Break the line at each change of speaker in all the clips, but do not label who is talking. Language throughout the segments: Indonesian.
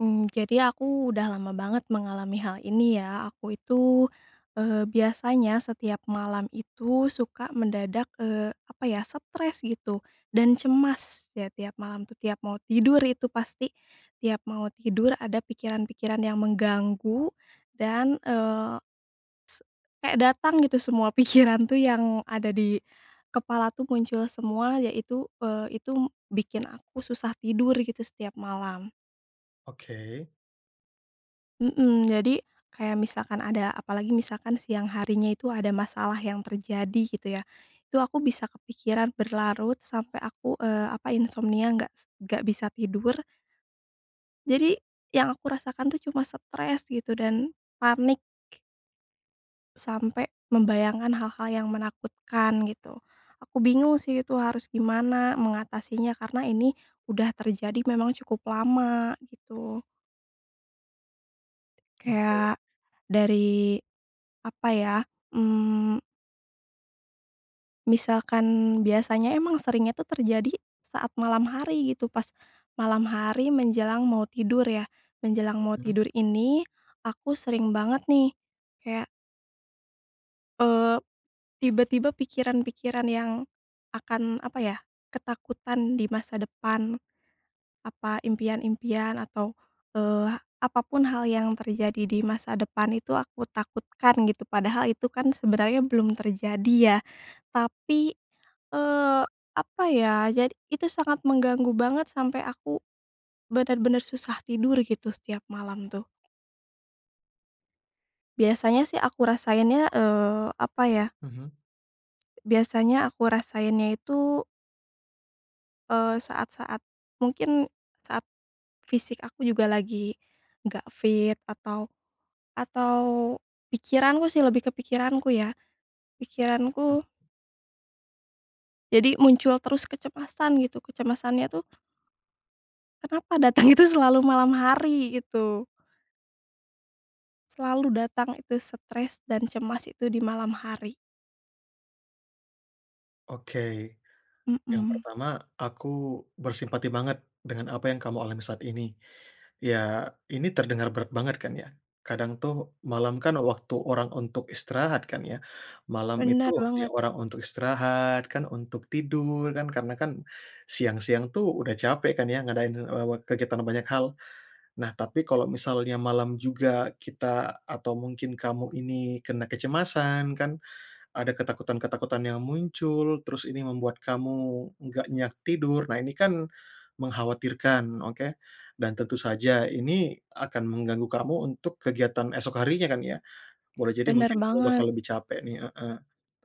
Mmm, jadi aku udah lama banget mengalami hal ini ya, aku itu, eee, biasanya setiap malam itu suka mendadak, eee, apa ya stres gitu dan cemas ya tiap malam tuh, tiap mau tidur itu pasti tiap mau tidur ada pikiran-pikiran yang mengganggu dan, eee, se kayak datang gitu semua pikiran tuh, yang ada di kepala tuh muncul semua ya itu, eee, itu m bikin aku susah tidur gitu setiap malam.
Oke.
Mmm, jadi kayak misalkan ada apalagi misalkan siang harinya itu ada masalah yang terjadi gitu ya, itu aku bisa kepikiran berlarut sampai aku, eee, apa insomnia gak s gak bisa tidur. Jadi yang aku rasakan tuh cuma stress gitu dan panik sampai membayangkan hal-hal yang menakutkan gitu. Aku bingung sih itu harus gimana mengatasinya karena ini udah terjadi memang cukup lama gitu.
Oke.
Kayak dari apa ya, mmm misalkan biasanya emang seringnya tuh terjadi saat malam hari gitu, pas malam hari menjelang mau tidur ya, menjelang mau
Hmm.
tidur ini aku sering banget nih kayak eee, tiba-tiba pikiran-pikiran yang akan apa ya, ketakutan di masa depan, apa, impian-impian atau, eee, apa pun hal yang terjadi di masa depan itu aku takutkan gitu padahal itu kan sebenarnya belum terjadi ya, tapi, eee, apa ya, jadi itu sangat mengganggu banget sampai aku, bener-bener susah tidur gitu setiap malam tuh. Biasanya sih aku rasainnya, eee, apa ya?
Mhm.
Biasanya aku rasainnya itu eee, saat-saat mungkin saat fisik aku juga lagi nggak fit atau atau pikiranku sih, lebih ke pikiranku ya,
Hmm.
pikiranku jadi muncul terus kecemasan gitu kecemasannya tuh kenapa datangnya itu selalu malam hari gitu. Selalu datang itu stres dan cemas itu di malam hari.
Oke yang
Mmm.
pertama aku bersimpati banget dengan apa yang kamu alami saat ini. Ya ini terdengar berat banget kan ya, kadang tuh malam kan waktu orang untuk istirahat kan ya, malam itu
Bener
waktunya
banget.
orang untuk istirahat kan, untuk tidur kan karena kan siang-siang tuh udah capek kan ya ngadain, eee, wat kegiatan banyak hal. Nah tapi kalau misalnya malam juga kita atau mungkin kamu ini kena kecemasan kan, ada ketakutan-ketakutan yang muncul terus ini membuat kamu nggak nyenyak tidur. Nah ini kan mengkhawatirkan oke, dan tentu saja ini akan mengganggu kamu untuk kegiatan esok harinya kan ya, boleh jadi
Bener
mungkin kamu bakal
banget.
lebih capek nih, heeh,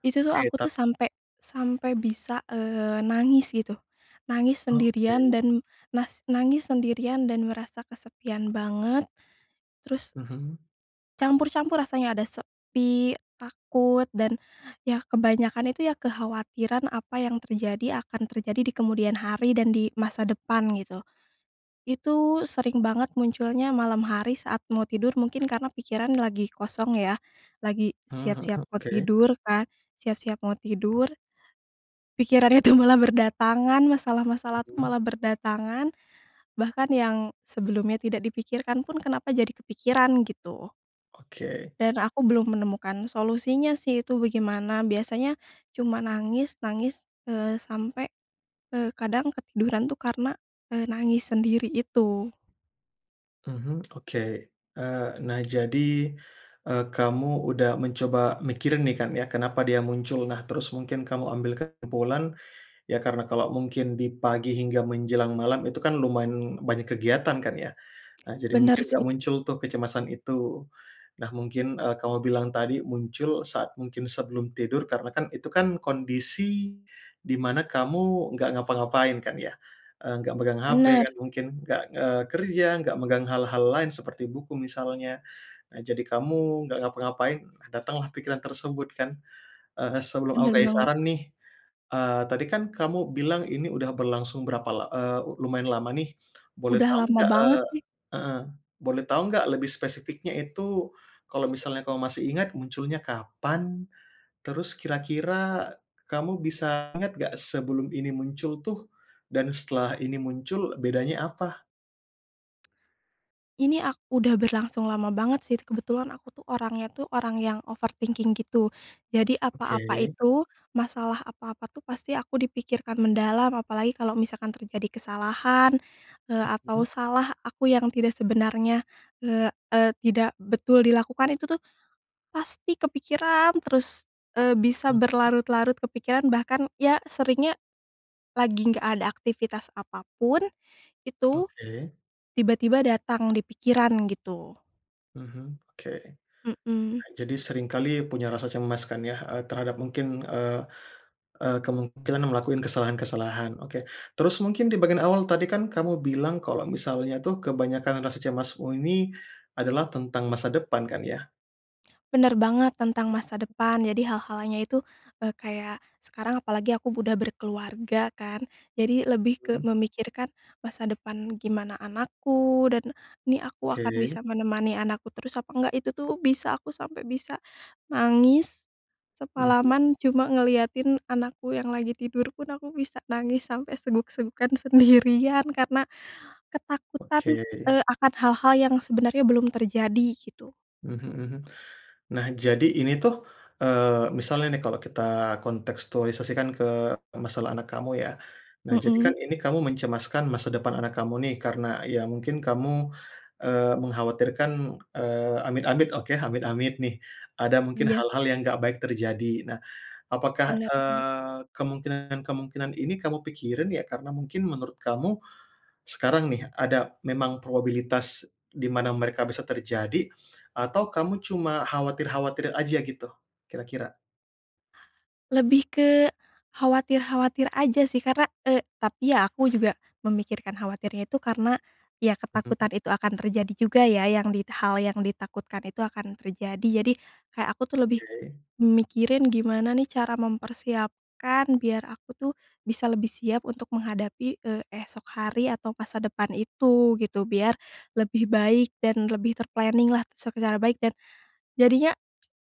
Itu tuh,
oke
aku
tap
tuh sampe sampe bisa, eee, nangis gitu, nangis
Oke.
sendirian dan nas nangis sendirian dan merasa kesepian banget terus
Mhm.
campur-campur rasanya, ada sepi, takut, dan ya kebanyakan itu ya kekhawatiran apa yang terjadi akan terjadi di kemudian hari dan di masa depan gitu. Itu sering banget munculnya malam hari saat mau tidur mungkin karena pikiran lagi kosong ya, lagi
Mhm mhm,
siap-siap mau
oke.
tidur kan, siap-siap mau tidur, pikiran itu malah berdatangan, masalah-masalah tuh
Hmm.
malah berdatangan, bahkan yang sebelumnya tidak dipikirkan pun kenapa jadi kepikiran gitu.
Oke.
Dan aku belum menemukan solusinya sih itu bagaimana, biasanya cuma nangis nangis, eee, sampai, eee, kadang ketiduran tuh karena, eee, nangis sendiri itu.
Mhm, oke, eee, nah jadi, eee, kamu udah mencoba mikirin nih kan ya, kenapa dia muncul? Nah terus mungkin kamu ambil kesimpulan, ya karena kalau mungkin di pagi hingga menjelang malam itu kan lumayan banyak kegiatan kan ya. Ah jadi mungkin
Bener sih.
nggak muncul tuh kecemasan itu. Nah mungkin, eee, kamu bilang tadi muncul saat mungkin sebelum tidur karena kan itu kan kondisi di mana kamu nggak ngapa-ngapain kan ya. Eee, gak megang HP
Bener.
kan mungkin, nggak, eee, kerja, nggak megang hal-hal lain seperti buku misalnya. Eee, jadi kamu nggak ngapa-ngapain, datanglah pikiran tersebut kan. Eee, sebelum
Bener
aku kasih
banget.
saran nih, eee, tadi kan kamu bilang ini udah berlangsung berapa la eee, lu lumayan lama nih, boleh
Udah
tau
lama
nggak,
banget
eee
sih.
heeh, boleh tau nggak lebih spesifiknya itu kalau misalnya kamu masih ingat munculnya kapan, terus kira-kira kamu bisa ingat nggak sebelum ini muncul tuh dan setelah ini muncul bedanya apa?
Ini ak udah berlangsung lama banget sih, kebetulan aku tuh orangnya tuh orang yang overthinking gitu, jadi apa-apa
Oke.
itu, masalah apa-apa tuh pasti aku dipikirkan mendalam apalagi kalau misalkan terjadi kesalahan, eee, atau
Mmm.
salah aku yang tidak sebenarnya, eee eee, tidak betul dilakukan itu tuh pasti kepikiran terus, eee, bisa
Mmm.
berlarut-larut kepikiran bahkan ya seringnya lagi gak ada aktivitas apa pun itu,
Oke.
tiba-tiba datang di pikiran gitu.
Mhm, oke,
Mmm.
jadi sering kali punya rasa cemas kan ya, eee, terhadap mungkin, eee eee, kemungkinan ngelakuin kesalahan-kesalahan. Oke, terus mungkin di bagian awal tadi kan kamu bilang kalau misalnya tuh kebanyakan rasa cemasmu ini adalah tentang masa depan kan ya?
Bener banget tentang masa depan jadi hal-halnya itu, eee, kayak sekarang apalagi aku udah berkeluarga kan, jadi lebih ke
Mmm.
memikirkan masa depan, gimana anakku, dan ini aku akan
Ke.
bisa menemani anakku terus apa enggak, itu tuh bisa aku sampai bisa nangis,
Mhm.
semalaman cuma ngeliatin anakku yang lagi tidur pun aku bisa nangis sampai seguk-segukan sendirian karena
Oke.
ketakutan, eee, akan hal-hal yang sebenarnya belum terjadi gitu.
Mhm mhm. Nah jadi ini tuh, eee, misalnya nih kalau kita kontekstualisasikan ke masalah anak kamu ya. Nah jadi
Mmm.
kan ini kamu mencemaskan masa depan anak kamu nih karena ya mungkin kamu, eee, mengkhawatirkan, eee, amit-amit oke, amit-amit nih ada mungkin
Iya.
hal-hal yang enggak baik terjadi. Nah apakah,
Bener bener.
eee, kemungkinan-kemungkinan ini kamu pikirin ya karena mungkin menurut kamu sekarang nih ada memang probabilitas di mana mereka bisa terjadi atau kamu cuma khawatir-khawatir aja gitu kira-kira?
Lebih ke khawatir-khawatir aja sih karna eee, tapi ya aku juga memikirkan khawatirnya itu karena ya
Hmm.
ketakutan itu akan terjadi juga ya, yang dit hal yang ditakutkan itu akan terjadi, jadi kayak aku tuh lebih
Oke.
mikirin gimana nih cara mempersiapkan biar aku tuh bisa lebih siap untuk menghadapi, eee, esok hari atau masa depan itu gitu, biar lebih baik dan lebih ter-planning lah secara baik dan jadinya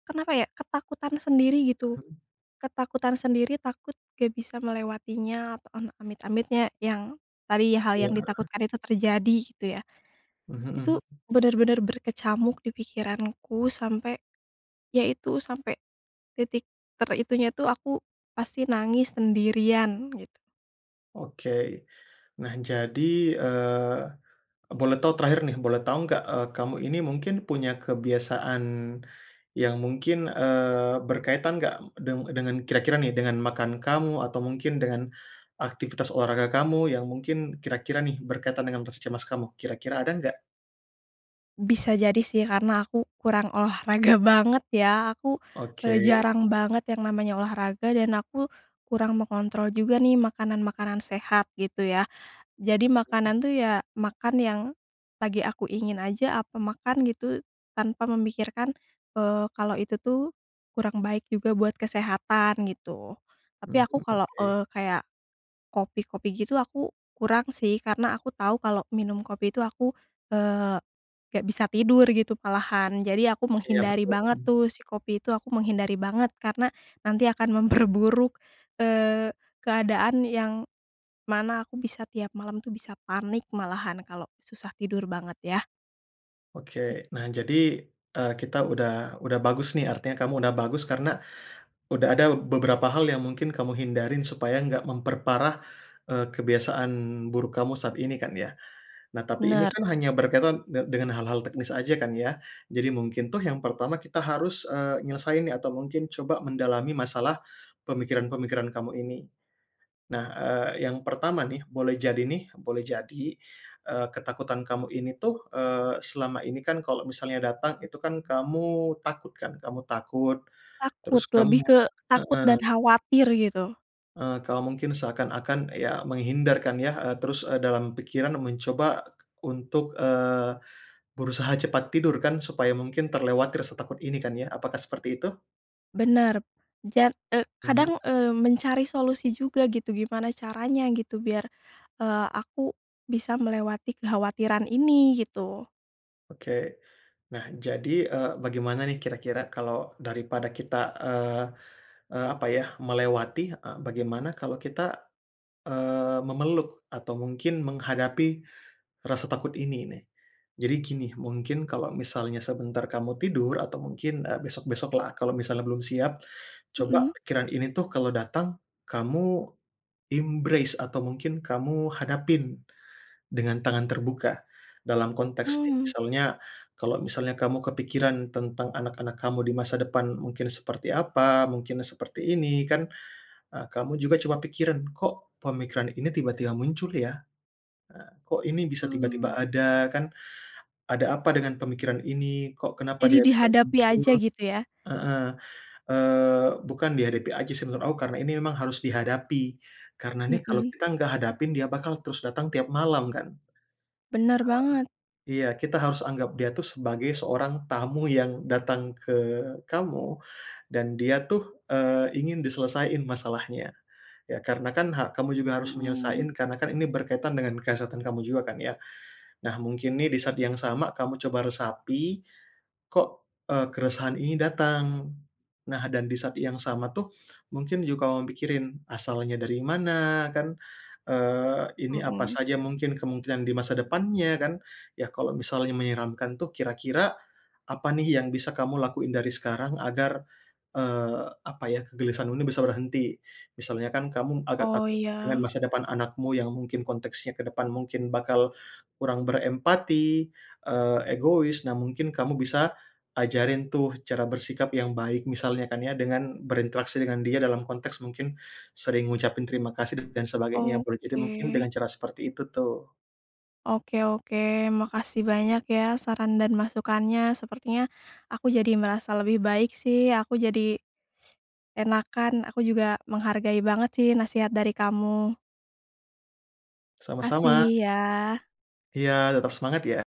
kenapa ya, ketakutan sendiri gitu.
Hmm.
Ketakutan sendiri, takut gak bisa melewatinya atau ama amit-amitnya yang tadi hal
Ya.
yang ditakutkan itu terjadi gitu ya.
Mhm
Itu
-mhm.
benar-benar berkecamuk di pikiranku sampai ya itu, sampai titik ter itunya itu aku pasti nangis sendirian gitu.
Oke nah jadi, eee, boleh tahu terakhir nih, boleh tahu nggak, eee, kamu ini mungkin punya kebiasaan yang mungkin, eee, berkaitan nggak deng dengan kira-kira nih dengan makan kamu atau mungkin dengan aktivitas olahraga kamu yang mungkin kira-kira nih berkaitan dengan rasa cemas kamu, kira-kira ada nggak?
Bisa jadi sih karena aku kurang olahraga banget ya aku,
Oke.
eee, jarang banget yang namanya olahraga, dan aku kurang mengontrol juga nih makanan-makanan sehat gitu ya, jadi
Mmm.
makanan tuh ya, makan yang lagi aku ingin aja, aku makan gitu tanpa memikirkan, eee, kalau itu tuh kurang baik juga buat kesehatan gitu. Tapi
Hmm
aku kalau,
oke.
eee, kayak kopi-kopi gitu aku kurang sih karena aku tahu kalau minum kopi itu aku, eee, gak bisa tidur gitu malahan jadi aku
Iya
menghindari
betul,
banget tuh si kopi itu, aku menghindari banget karena nanti akan memperburuk, eee, keadaan yang mana aku bisa tiap malam tuh bisa panik malahan kalau susah tidur banget ya.
Oke
Git
nah jadi, eee, kita udah udah bagus nih, artinya kamu udah bagus karena udah ada beberapa hal yang mungkin kamu hindarin supaya nggak memperparah, eee, kebiasaan buruk kamu saat ini kan ya. Nah tapi ini
Bener.
kan hanya berkaitan de dengan hal-hal teknis aja kan ya. Jadi mungkin tuh yang pertama kita harus, eee, nyelesain nih atau mungkin coba mendalami masalah pemikiran-pemikiran kamu ini. Nah, eee, yang pertama nih boleh jadi nih, boleh jadi, eee, ketakutan kamu ini tuh, eee, selama ini kan kalau misalnya datang itu kan kamu takut kan, kamu takut terus
Takut,
kamu
lebih ke takut dan
heeh.
khawatir gitu.
Eee, kalau mungkin seakan-akan ya menghindar kan ya, eee, terus, eee, dalam pikiran mencoba untuk, eee, berusaha cepat tidur kan supaya mungkin terlewati rasa takut ini kan ya apakah seperti itu?
Bener ja eee,
Hmm.
kadang, eee, mencari solusi juga gitu gimana caranya gitu biar, eee, aku bisa melewati kekhawatiran ini gitu.
Oke nah jadi, eee, bagaimana nih kira-kira kalau daripada kita, eee eee, apa ya, melewati, eee, bagaimana kalau kita, eee, memeluk atau mungkin menghadapi rasa takut ini nih. Jadi gini mungkin kalau misalnya sebentar kamu tidur atau mungkin, eee, besok-besok lah kalau misalnya belum siap, coba
Mmm.
pikiran ini tuh kalau datang kamu embrace atau mungkin kamu hadapin dengan tangan terbuka. Dalam konteks nih
Hmm.
misalnya, kalau misalnya kamu kepikiran tentang anak-anak kamu di masa depan mungkin seperti apa, mungkin seperti ini kan, eee, kamu juga coba pikirin, "Kok pemikiran ini tiba-tiba muncul ya?" nah, "Kok ini bisa tiba-tiba
Oh.
ada?" kan, "Ada apa dengan pemikiran ini? Kok kenapa
Jadi
dia bisa
dihadapi aja
muncul?"
gitu ya.
Heeh, eee, bukan dihadapi aja sih menurut aku, karena ini memang harus dihadapi, karena nih kalau
Mmm.
kita nggak hadapin dia bakal terus datang tiap malam kan.
Bener banget.
Mmm, iya kita harus anggap dia tuh sebagai seorang tamu yang datang ke kamu dan dia tuh, eee, ingin diselesaiin masalahnya ya karena kan hak kamu juga harus
Mmm.
menyelesaiin karena kan ini berkaitan dengan kesehatan kamu juga kan ya. Nah mungkin nih di saat yang sama kamu coba resapi kok, eee, keresahan ini datang? Nah dan di saat yang sama tuh mungkin juga kamu pikirin asalnya dari mana kan, eee, ini apa
Mmm.
saja mungkin kemungkinan di masa depannya kan, ya kalau misalnya menyeramkan tuh kira-kira apa nih yang bisa kamu lakuin dari sekarang agar, eee, apa ya, kegelisahan ini bisa berhenti. Misalnya kan kamu agak
Oh
takut dengan
ya.
masa depan anakmu yang mungkin konteksnya ke depan mungkin bakal kurang berempati, eee, egois. Nah mungkin kamu bisa ajarin tuh cara bersikap yang baik misalnya kan ya dengan berinteraksi dengan dia dalam konteks mungkin sering ngucapin terima kasih dan dan sebagainya boleh jadi mungkin
Oke.
dengan cara seperti itu tuh.
Oke oke makasih banyak ya saran dan masukannya, sepertinya aku jadi merasa lebih baik sih aku jadi enakan aku juga menghargai banget sih nasihat dari kamu.
Sama-sama
Makasih ya.
sam iya tetep semangat ya.